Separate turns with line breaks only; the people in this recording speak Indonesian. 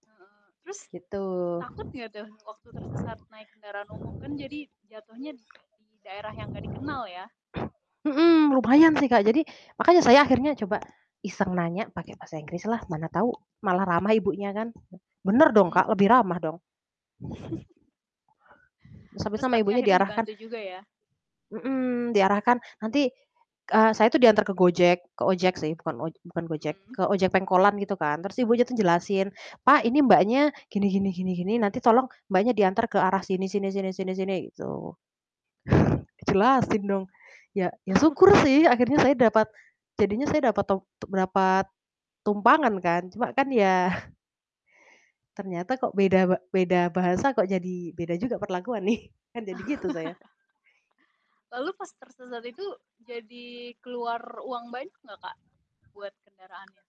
Heeh. Terus,
Gitu.
takut enggak tuh waktu tersesat naik kendaraan umum, kan jadi jatuhnya di daerah yang enggak dikenal ya?
Mhm. Lumayan sih, Kak, jadi, makanya saya akhirnya coba iseng nanya pakai bahasa Inggrislah mana tahu malah ramah ibunya kan. Bener dong,
Mhm.
Kak, lebih ramah dong. Sampai
Terus,
sama
tapi
ibunya
akhirnya
diarahkan
dibantu juga ya.
mhm, diarahkan, nanti, eee, saya itu diantar ke Gojek ke ojek sih, bukan oj bukan Gojek,
Mhm.
ke ojek pengkolan gitu kan. Terus ibunya tuh jelasin, "Pak, ini Mbaknya gini gini gini gini, nanti tolong Mbaknya diantar ke arah sini sini sini sini sini." Gitu. Dijelasin dong. Ya ya
Oh.
syukur sih akhirnya saya dapat jadinya saya dapat top tuk dapat tumpangan kan. Cuma kan ya ternyata kok beda ba beda bahasa kok jadi beda juga perlakuan nih, kan jadi gitu saya.
Lalu pas tersesat itu jadi keluar uang banyak enggak, Kak, buat kendaraannya?